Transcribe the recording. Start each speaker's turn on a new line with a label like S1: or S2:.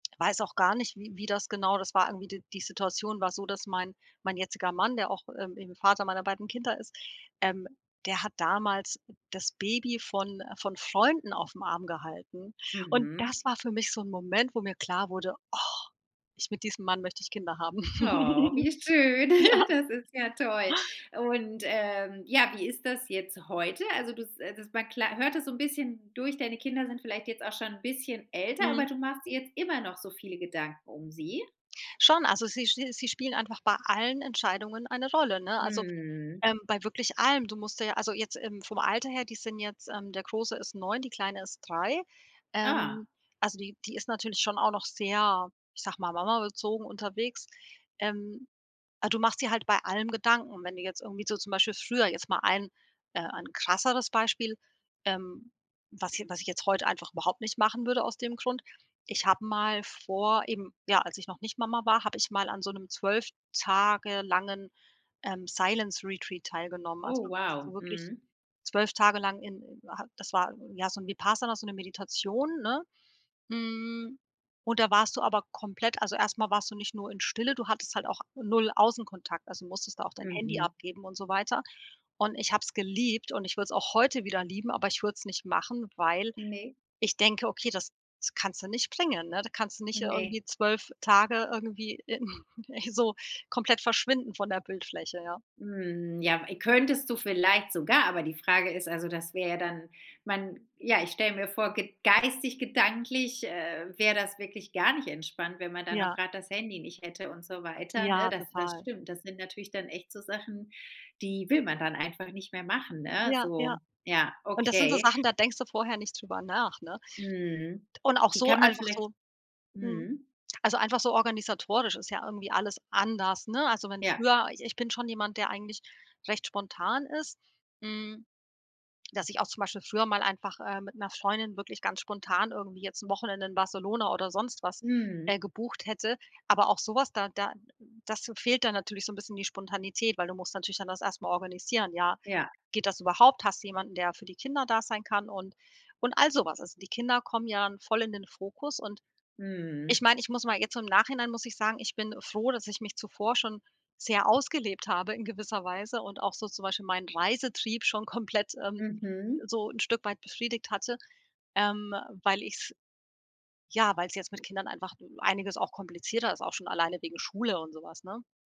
S1: Weiß auch gar nicht, wie wie das genau das war irgendwie d die Situation war so, dass mein mein jetziger Mann, der auch, ähm, eben Vater meiner beiden Kinder ist, ähm, der hat damals das Baby von von Freunden auf'm Arm gehalten. Und
S2: Mhm.
S1: das war für mich so 'n Moment, wo mir klar wurde: „Och, ich mit diesem Mann möchte ich Kinder haben.“
S2: Oh, wie schön.
S1: Ja.
S2: Das ist ja toll. Und, ähm, ja, wie ist das jetzt heute? Also, du s das man kla hört das so 'n bisschen durch. Deine Kinder sind vielleicht jetzt auch schon 'n bisschen älter, aber
S1: Mhm.
S2: du machst dir jetzt immer noch so viele Gedanken um sie?
S1: Schon, also sie sch sie spielen einfach bei allen Entscheidungen eine Rolle, ne, also,
S2: Mhm.
S1: ähm, bei wirklich allem, du musst dir ja also jetzt, ähm, vom Alter her, die sind jetzt, ähm der Große ist 9, die Kleine ist 3.
S2: Ah.
S1: Ähm, also, die die ist natürlich schon auch noch sehr, ich sage mal, Mama-bezogen unterwegs. Ähm, äh, du machst dir halt bei allem Gedanken. Wenn du jetzt irgendwie so zum Beispiel früher jetzt mal ein äh, ein krasseres Beispiel, ähm, was j was ich jetzt heute einfach überhaupt nicht machen würde aus dem Grund. Ich habe mal vor eben, ja, als ich noch nicht Mama war, habe ich mal an so 'nem 12 Tage langen, ähm, Silence Retreat teilgenommen.
S2: Oh,
S1: Also, du warst so
S2: wow.
S1: wirklich
S2: Mhm.
S1: 12 Tage lang in ha das war ja so 'n Vipassana so 'ne Meditation, ne? Hm, und da warst du aber komplett also, erst mal warst du nicht nur in Stille, du hattest halt auch null Außenkontakt, also, musstest da auch dein Handy
S2: Mhm.
S1: abgeben und so weiter. Und ich habe es geliebt und ich würde es auch heute wieder lieben, aber ich würde es nicht machen, weil
S2: Ne.
S1: ich denke: „Okay, das das kannst du nicht bringen“, ne? Da kannst du nicht
S2: Ne.
S1: irgendwie 12 Tage irgendwie in ey, so komplett verschwinden von der Bildfläche, ja.
S2: Hm, ja. E könntest du vielleicht sogar, aber die Frage ist also, dass wäre ja dann man ja, ich stelle mir vor ge geistig gedanklich, äh, wäre das wirklich gar nicht entspannt, wenn man dann auch
S1: Ja.
S2: grad das Handy nicht hätte und so weiter, ne?
S1: Ja,
S2: Das das
S1: total.
S2: stimmt. Das sind natürlich dann echt so Sachen, die will man dann einfach nicht mehr machen, ne,
S1: Ja, ja.
S2: so. Ja,
S1: Und das sind so
S2: okay.
S1: Sachen, da denkst du vorher nicht drüber nach, ne,
S2: Mhm.
S1: und auch
S2: Die
S1: so
S2: kann man
S1: einfach
S2: vieleicht
S1: so mhm.
S2: Mhm.
S1: Also, einfach so organisatorisch ist ja irgendwie alles anders, ne? Also, wenn
S2: Ja.
S1: früher ich ich bin schon jemand, der eigentlich recht spontan ist, hm, dass ich auch zum Beispiel früher mal einfach, äh, mit 'ner Freundin wirklich ganz spontan irgendwie jetzt 'n Wochenende in Barcelona oder sonst was,
S2: Mhm.
S1: äh, gebucht, hätte. Aber auch so was da da das fehlt dann natürlich so 'n bisschen die Spontanität, weil du musst natürlich dann das erst mal organisieren, ja?
S2: Ja.
S1: Geht das überhaupt? Hast du jemanden, der für die Kinder da sein kann und und all so was. Also, die Kinder kommen ja in voll in den Fokus und ich
S2: Mhm.
S1: meine, ich muss mal jetzt so im Nachhinein muss ich sagen, ich bin froh, dass ich mich zuvor schon sehr ausgelebt habe in gewisser Weise und auch so zum Beispiel meinen Reisetrieb schon komplett, ähm,
S2: Mhm.
S1: so 'n Stück weit befriedigt hatte, ähm, weil ich's ja, weil's jetzt mit Kindern einfach einiges auch komplizierter ist, auch schon alleine wegen Schule und so was, ne?